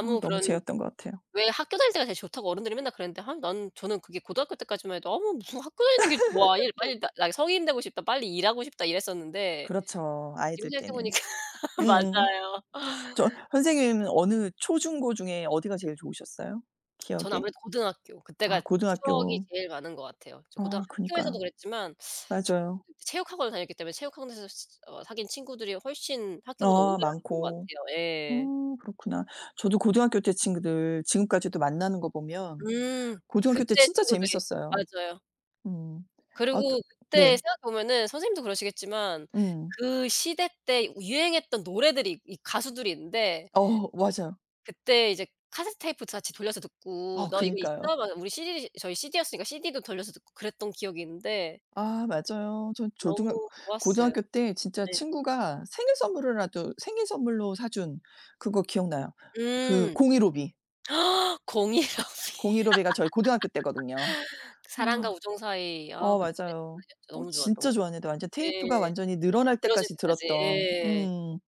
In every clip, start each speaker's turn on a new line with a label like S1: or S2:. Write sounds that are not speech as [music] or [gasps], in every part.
S1: 어 너무
S2: 그런
S1: 재었던 것 같아요.
S2: 왜 "학교 다닐 때가 제일 좋다."고 어른들이 맨날 그랬는데 아 나는 저는 그게 고등학교 때까지만 해도 '어머 무슨 학교 다니는 게 좋아. 일
S1: [laughs]
S2: 빨리 나 나 성인 되고 싶다. 빨리 일하고 싶다.' 이랬었는데
S1: 그렇죠,
S2: 지금
S1: 아이들
S2: 생각해
S1: 때는.
S2: 보니까
S1: 음음.
S2: 맞아요.
S1: 저 선생님은 어느 초중고 중에 어디가 제일 좋으셨어요,
S2: [smacks lips] 저는
S1: 기억에?
S2: 아무래도 고등학교 그때가
S1: 아
S2: 추억이
S1: 고등학교.
S2: 제일 많은 것 같아요. 저
S1: 어
S2: 고등학교에서도
S1: 그니까요.
S2: 그랬지만 [sucks teeth] 제가
S1: 맞아요.
S2: 그래도 체육 학원을 다녔기 때문에 체육 학원에서 스 어 사귄 친구들이 훨씬 학교보다
S1: 어
S2: 오래갔던 것
S1: 많고.
S2: 같아요. 예.
S1: 어 그렇구나. 저도 고등학교 때 친구들 지금까지도 만나는 거 보면
S2: 음.
S1: 고등학교 때
S2: 그때
S1: 진짜
S2: 친구들이.
S1: 재밌었어요.
S2: 맞아요.
S1: 음. 아 또
S2: 그리고 그때
S1: 네.
S2: 생각해 보면은 선생님도 그러시겠지만
S1: 음.
S2: 그 시대 때 유행했던 노래들이 이 가수들이 있는데
S1: 어. 맞아요.
S2: 그때 이제 카세트테이프 다 같이 돌려서 듣고
S1: 어
S2: "너 이거
S1: 그니까요.
S2: 있어?" 막 우리 CD 저희 CD였으니까 CD도 돌려서 듣고 그랬던 기억이 있는데
S1: 아 맞아요. 저 조등학
S2: 너무 좋았어요.
S1: 고등학교 때 진짜
S2: 네.
S1: 친구가 생일 선물으라도 생일 선물로 사준 그거 기억나요 그
S2: 음.
S1: 공일오비.
S2: [gasps] 공일오비.
S1: 공일오비가 저희 고등학교 때거든요.
S2: [laughs] 사랑과
S1: 아.
S2: 우정 사이. 아
S1: 어
S2: 그때 정말
S1: 맞아요. 어
S2: 너무 좋았죠.
S1: 진짜 좋았는데 완전 테이프가
S2: 예.
S1: 완전히 늘어날
S2: 늘어질
S1: 때까지
S2: 때까지.
S1: 들었던
S2: 예.
S1: 음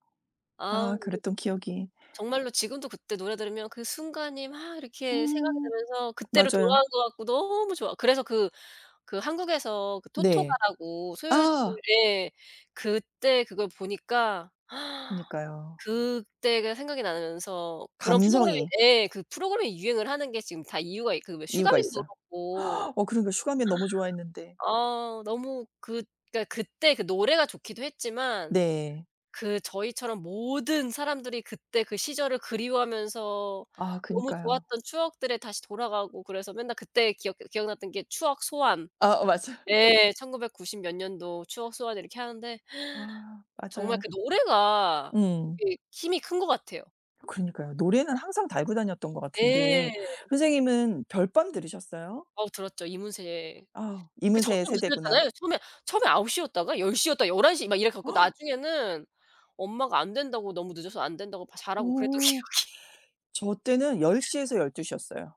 S2: 아
S1: 아
S2: 근데
S1: 그랬던 기억이.
S2: 정말로 지금도 그때 노래 들으면 그 순간이 막 이렇게 생각이
S1: 음.
S2: 나면서 그때로
S1: 맞아요.
S2: 돌아간 것 같고 너무 좋아. 그래서 그 그 한국에서 그
S1: 네.
S2: 토토가라고 수요일 토
S1: 아.
S2: 예. 그때 그걸 보니까 [gasps]
S1: 그니까요.
S2: 그때가 생각이 나면서 그런 프로그램이
S1: 감성이.
S2: 예 그 프로그램이 유행을 하는 게 지금 다 이유가 있 그 왜
S1: 이유가
S2: 슈가맨도
S1: 있어요.
S2: 그렇고
S1: [gasps] 어 그러니까요. 슈가맨 너무 좋아했는데.
S2: [gasps] 어 너무 그러니까 그때 그 노래가 좋기도 했지만
S1: 네.
S2: 그 저희처럼 모든 사람들이 그때 그 시절을 그리워하면서
S1: 아
S2: 너무
S1: 그니까요.
S2: 좋았던 추억들에 다시 돌아가고 그래서 맨날 그때 기억해 기억났던 게 추억 소환.
S1: 아 어 맞아. [laughs]
S2: 예 1990 몇 년도 추억 소환 이렇게 하는데
S1: 아
S2: [gasps] 정말
S1: 맞아요.
S2: 그 노래가
S1: 응.
S2: 되게 힘이 큰 것 같아요.
S1: 그러니까요. 노래는 항상 달고 다녔던 것
S2: 예.
S1: 같은데 선생님은 별밤 들으셨어요?
S2: 어우 들었죠. 이문세.
S1: 아.
S2: 그 점점
S1: 이문세의 세대구나.
S2: 늦어졌잖아요. 처음에 처음에 9 시였다가 10 시였다가 11 시 막 이래 갖고
S1: [gasps]
S2: 나중에는 엄마가 "안 된다."고 "너무 늦어서 안 된다."고 "빨리 자라."고 그랬던
S1: 어.
S2: 기억이.
S1: 저 때는 10 시에서 12 시였어요.